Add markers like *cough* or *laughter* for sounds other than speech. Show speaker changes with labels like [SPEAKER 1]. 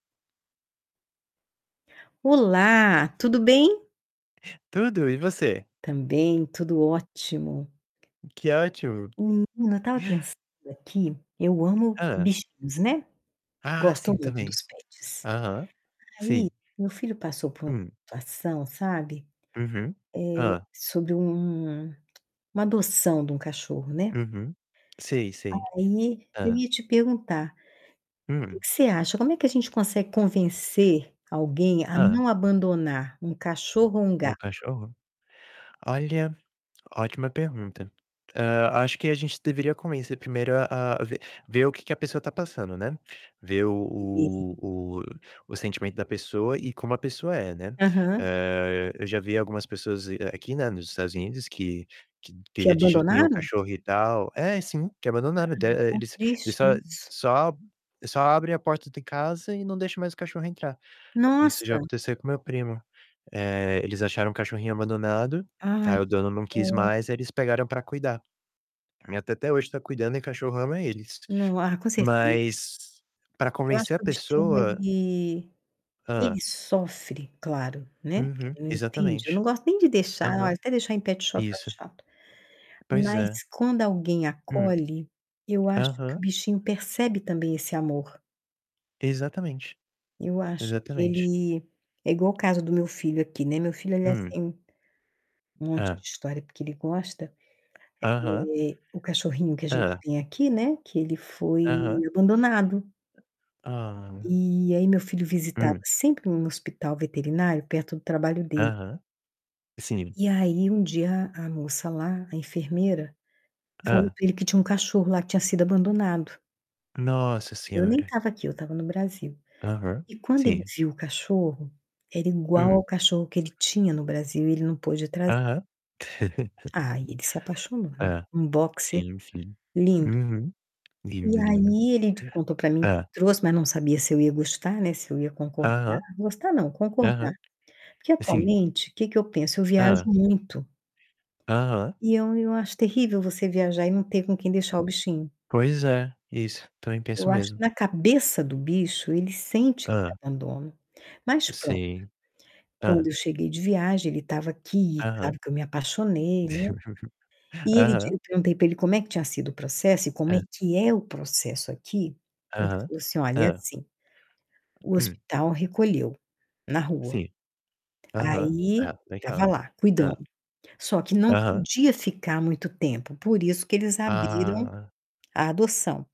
[SPEAKER 1] Olá, tudo bem?
[SPEAKER 2] Tudo, e você?
[SPEAKER 1] Também, tudo ótimo.
[SPEAKER 2] Que ótimo!
[SPEAKER 1] Menino, eu estava pensando aqui, eu amo
[SPEAKER 2] Hã.
[SPEAKER 1] bichinhos, né.
[SPEAKER 2] Ah,
[SPEAKER 1] Gosto
[SPEAKER 2] sim,
[SPEAKER 1] muito
[SPEAKER 2] também.
[SPEAKER 1] dos pets.
[SPEAKER 2] Aham,
[SPEAKER 1] Aí,
[SPEAKER 2] sim.
[SPEAKER 1] meu filho passou por uma
[SPEAKER 2] Hum.
[SPEAKER 1] situação, sabe,
[SPEAKER 2] Uhum.
[SPEAKER 1] eh,
[SPEAKER 2] Hã.
[SPEAKER 1] sobre um *clicks tongue* uma adoção de um cachorro, né.
[SPEAKER 2] Uhum. Sim, sim.
[SPEAKER 1] Aí, eu
[SPEAKER 2] Hã.
[SPEAKER 1] ia te perguntar, que
[SPEAKER 2] Hum.
[SPEAKER 1] que você acha, como é que a gente consegue convencer alguém a
[SPEAKER 2] Hã.
[SPEAKER 1] não abandonar um cachorro ou um
[SPEAKER 2] Um
[SPEAKER 1] gato?
[SPEAKER 2] cachorro? Olha, ótima pergunta. Hã, acho que a gente deveria começar primeiro a a ver ver o que que a pessoa está passando, né, ver o
[SPEAKER 1] *unintelligible*
[SPEAKER 2] o o sentimento da pessoa e como a pessoa é, né.
[SPEAKER 1] Aham.
[SPEAKER 2] Eh, eu já vi algumas pessoas dize aqui, né, nos Estados Unidos, que que
[SPEAKER 1] Que
[SPEAKER 2] queria de jeito nenhum o
[SPEAKER 1] abandonaram?
[SPEAKER 2] cachorro e tal É, sim, que abandonaram, de
[SPEAKER 1] Ai, tão
[SPEAKER 2] eles eles
[SPEAKER 1] triste
[SPEAKER 2] só
[SPEAKER 1] isso.
[SPEAKER 2] só só abrem a porta de casa e não deixa mais o cachorro entrar. Isso já
[SPEAKER 1] Nossa!
[SPEAKER 2] aconteceu com meu primo. Eh, eles acharam um cachorrinho abandonado,
[SPEAKER 1] Ai,
[SPEAKER 2] aí
[SPEAKER 1] que
[SPEAKER 2] o dono não quis
[SPEAKER 1] dó.
[SPEAKER 2] mais, eles pegaram pra cuidar. A minha tia até hoje está cuidando e o cachorro ama eles.
[SPEAKER 1] Não. Ah, com certeza.
[SPEAKER 2] Mas, pra
[SPEAKER 1] Eu
[SPEAKER 2] convencer
[SPEAKER 1] acho
[SPEAKER 2] a
[SPEAKER 1] que o bichinho
[SPEAKER 2] pessoa
[SPEAKER 1] ele ele
[SPEAKER 2] Hã.
[SPEAKER 1] sofre, claro, né, porque
[SPEAKER 2] Uhum,
[SPEAKER 1] ele não entende. Eu
[SPEAKER 2] exatamente.
[SPEAKER 1] não gosto nem de deixar,
[SPEAKER 2] Aham.
[SPEAKER 1] até deixar em petshop eu
[SPEAKER 2] Isso.
[SPEAKER 1] acho chato.
[SPEAKER 2] Pois
[SPEAKER 1] Mas,
[SPEAKER 2] é.
[SPEAKER 1] quando alguém
[SPEAKER 2] Hum.
[SPEAKER 1] acolhe, eu acho que o
[SPEAKER 2] Aham.
[SPEAKER 1] bichinho percebe também esse amor.
[SPEAKER 2] Exatamente.
[SPEAKER 1] Eu acho que
[SPEAKER 2] Exatamente.
[SPEAKER 1] ele é igual o caso do meu filho aqui, né, meu filho ele é
[SPEAKER 2] Hum.
[SPEAKER 1] assim, um monte de
[SPEAKER 2] Hã.
[SPEAKER 1] história, porque ele gosta,
[SPEAKER 2] Aham.
[SPEAKER 1] eh, o cachorrinho que a gente
[SPEAKER 2] Hã.
[SPEAKER 1] tem aqui, né, que ele foi
[SPEAKER 2] Aham.
[SPEAKER 1] abandonado.
[SPEAKER 2] Ah!
[SPEAKER 1] E aí meu filho visitava
[SPEAKER 2] Hum.
[SPEAKER 1] sempre em um hospital veterinário perto do trabalho dele.
[SPEAKER 2] Aham. Sim.
[SPEAKER 1] E aí um dia a moça lá, a enfermeira, falou
[SPEAKER 2] Hã.
[SPEAKER 1] para ele que tinha um cachorro lá, que tinha sido abandonado.
[SPEAKER 2] Nossa
[SPEAKER 1] Eu nem
[SPEAKER 2] senhora!
[SPEAKER 1] estava aqui, estava no Brasil.
[SPEAKER 2] Aham,
[SPEAKER 1] E quando ele
[SPEAKER 2] sim.
[SPEAKER 1] viu o cachorro, era igual ao
[SPEAKER 2] Hum.
[SPEAKER 1] cachorro que ele tinha no Brasil e ele não pôde trazer.
[SPEAKER 2] Aham.
[SPEAKER 1] Aí ele se
[SPEAKER 2] *laughs*
[SPEAKER 1] apaixonou, né,
[SPEAKER 2] Hã.
[SPEAKER 1] um boxer
[SPEAKER 2] Sim, sim.
[SPEAKER 1] lindo.
[SPEAKER 2] Uhum.
[SPEAKER 1] E
[SPEAKER 2] Lindo, lindo.
[SPEAKER 1] aí ele di contou para mim,
[SPEAKER 2] Hã?
[SPEAKER 1] trouxe, mas não sabia se eu ia gostar, né, se eu ia concordar
[SPEAKER 2] Aham.
[SPEAKER 1] gostar não, concordar.
[SPEAKER 2] Aham.
[SPEAKER 1] Porque,
[SPEAKER 2] Sim.
[SPEAKER 1] atualmente, que que eu penso? Eu viajo
[SPEAKER 2] Hã.
[SPEAKER 1] muito
[SPEAKER 2] Aham.
[SPEAKER 1] e eu eu acho terrível você viajar e não ter com quem deixar o bichinho.
[SPEAKER 2] Pois é, isso, também penso
[SPEAKER 1] Eu
[SPEAKER 2] o
[SPEAKER 1] acho que
[SPEAKER 2] mesmo.
[SPEAKER 1] na cabeça do bicho, ele sente que é
[SPEAKER 2] Hã.
[SPEAKER 1] abandono, mas pronto.
[SPEAKER 2] Sim.
[SPEAKER 1] Quando
[SPEAKER 2] Hã.
[SPEAKER 1] eu cheguei de viagem ele estava aqui e claro
[SPEAKER 2] Aham.
[SPEAKER 1] que eu me apaixonei, né,
[SPEAKER 2] *laughs*
[SPEAKER 1] e ele di
[SPEAKER 2] Aham.
[SPEAKER 1] eu perguntei pra ele como é que tinha sido o processo e como é
[SPEAKER 2] Hã.
[SPEAKER 1] que é o processo aqui, ele
[SPEAKER 2] Aham.
[SPEAKER 1] falou assim: "Olha, é
[SPEAKER 2] Hã.
[SPEAKER 1] assim, o
[SPEAKER 2] Hum.
[SPEAKER 1] hospital recolheu, na rua,
[SPEAKER 2] Sim. Aham.
[SPEAKER 1] aí,
[SPEAKER 2] Ah,
[SPEAKER 1] estava
[SPEAKER 2] legal!
[SPEAKER 1] lá, cuidando.
[SPEAKER 2] Hã.
[SPEAKER 1] Só que não
[SPEAKER 2] Aham.
[SPEAKER 1] podia ficar muito tempo, por isso que eles abriram
[SPEAKER 2] Ah.
[SPEAKER 1] a adoção".